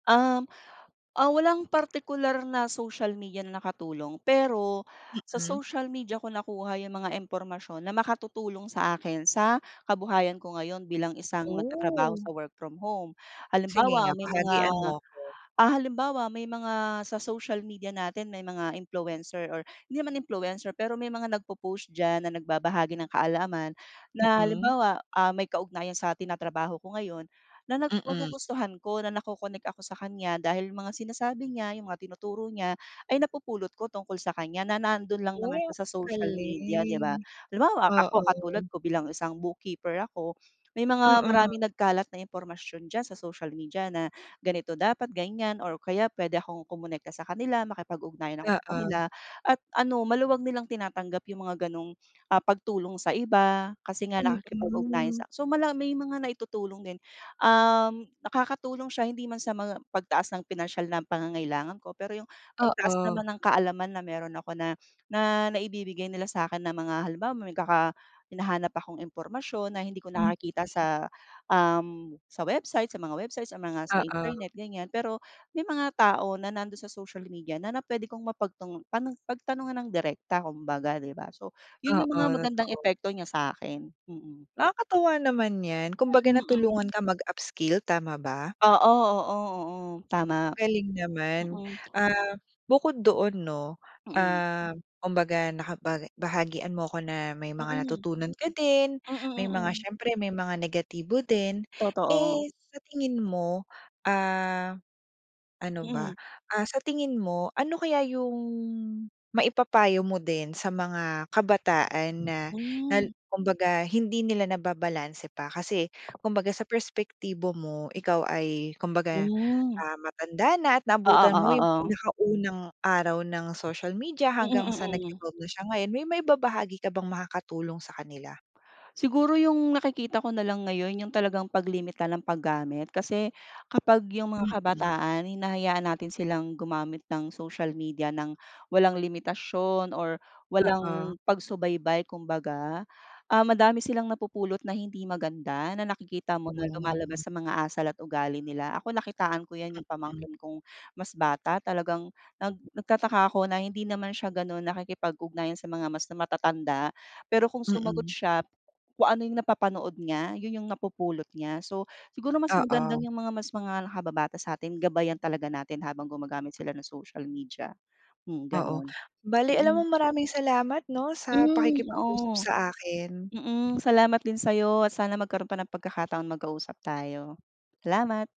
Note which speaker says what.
Speaker 1: Um, ah, walang partikular na social media na nakatulong, pero sa
Speaker 2: Mm.
Speaker 1: social media ko nakuha yung mga impormasyon na makatutulong sa akin sa kabuhayan ko ngayon bilang isang nagtatrabaho
Speaker 2: Oh.
Speaker 1: sa work from home.
Speaker 2: Sige
Speaker 1: Halimbawa
Speaker 2: nga
Speaker 1: may mga,
Speaker 2: bahagian mo ako.
Speaker 1: ah, halimbawa may mga sa social media natin may mga influencer or hindi naman influencer. Pero may mga nag-popost diyan na nagbabahagi ng kaalaman na,
Speaker 2: Mm.
Speaker 1: halimbawa, ah, may kaugnayan sa tinatrabaho ko ngayon na na
Speaker 2: Mm.
Speaker 1: magugustuhan ko na nako-connect ako sa kanya dahil mga sinasabi niya, yung mga tinuturo niya ay napupulot ko tungkol sa kanya na nandun lang naman
Speaker 2: Oh,
Speaker 1: siya sa social media, 'di ba?
Speaker 2: galing.
Speaker 1: Halimbawa
Speaker 2: Oo.
Speaker 1: ako katulad ko bilang isang bookkeeper ako, may mga
Speaker 2: Mm.
Speaker 1: maraming nagkalat na impormasyon diyan sa social media na, ganito dapat ganyan or kaya pwede akong kumonekta sa kanila makipag-ugnayan ako sa kanila,
Speaker 2: Oo.
Speaker 1: at ano maluwag nilang tinatanggap yung mga gano'ng, ah, pagtulong sa iba, kasi nga nakikipag ugnayan
Speaker 2: Mm.
Speaker 1: siya. So, mala may mga naitutulong din, um, nakakatulong siya hindi man sa mga pagtaas ng pinansiyal na pangangailangan ko. Pero yung pagtaas
Speaker 2: Oo.
Speaker 1: naman ng kaalaman na meron ako na, na naibibigay nila sa 'kin na mga halimbawa magkaka may hinahanap akong impormasyon na hindi ko
Speaker 2: Mm.
Speaker 1: nakikita sa, um, sa website, sa mga websites, sa mga sa
Speaker 2: Oo.
Speaker 1: internet gan'yan. Pero may mga tao na nandun sa social media na na pwede kong mapagtung pano pagtanungan ng direkta kumbaga, 'di ba? So, yun
Speaker 2: Oo,
Speaker 1: yung mga magandang
Speaker 2: totoo.
Speaker 1: epekto niya sa 'kin, mm.
Speaker 2: Nakakatuwa naman yan, kumbaga
Speaker 1: Mm, mm.
Speaker 2: natulungan ka mag-upskill, tama ba?
Speaker 1: Oo, oo, oo, tama.
Speaker 2: Galing naman.
Speaker 1: Mm.
Speaker 2: Ah, bukod doon 'no,
Speaker 1: Mm.
Speaker 2: um, kumbaga nakapag bahagian mo ako na may mga
Speaker 1: Mm,
Speaker 2: natutunan ka din,
Speaker 1: mm,
Speaker 2: may mga
Speaker 1: mm.
Speaker 2: siyempre may mga negatibo din.
Speaker 1: Totoo.
Speaker 2: Eh, sa tingin mo, ah, ano ba,
Speaker 1: Mm.
Speaker 2: ah, sa tingin mo, ano kaya yung maipapayo mo din sa mga kabataan na nal
Speaker 1: Hmm.
Speaker 2: kumbaga hindi nila nababalanse pa. Kasi kumbaga sa perspektibo mo, ikaw ay kumbaga,
Speaker 1: Hmm.
Speaker 2: ah, matanda na at
Speaker 1: Oo,
Speaker 2: naabutan mo yung
Speaker 1: oo, o.
Speaker 2: pinakaunang araw ng social media
Speaker 1: Mm,
Speaker 2: hanggang sa
Speaker 1: mm.
Speaker 2: nag-evolve na siya ngayon, may maibabahagi ka bang makakatulong sa kanila?
Speaker 1: Siguro yung nakikita ko nalang ngayon yung talagang paglimita ng paggamit, kasi kapag yung mga
Speaker 2: Mm.
Speaker 1: kabataan hinahayaan natin silang gumamit ng social media nang walang limitasyon or
Speaker 2: Oo.
Speaker 1: walang pagsubaybay kumbaga. Ah, madami silang napupulot na hindi maganda na nakikita mo na
Speaker 2: Hmm.
Speaker 1: lumalabas sa mga asal at ugali nila, ako nakitaan ko yan yung
Speaker 2: Mm.
Speaker 1: pamangkin kong mas bata talagang, nag nagtataka ako na hindi naman siya ganun nakikipag-ugnayan sa mga mas matatanda. Pero kung sumagot
Speaker 2: Mm.
Speaker 1: siya, kung ano yung napapanood niya, yun yung napupulot niya. So, siguro mas magandang
Speaker 2: Oo.
Speaker 1: yung mga mas mga nakababata sa'tin gabayan talaga natin habang gumagamit sila ng social media. Hmm
Speaker 2: Oo.
Speaker 1: ganun,
Speaker 2: Bale alam mo
Speaker 1: mm.
Speaker 2: maraming salamat 'no, sa
Speaker 1: Hmm,
Speaker 2: pakikipag-usap
Speaker 1: oo.
Speaker 2: sa akin.
Speaker 1: Mm, salamat din sa 'yo at sana magkaroon pa ng pagkakataon magka-usap tayo. Salamat!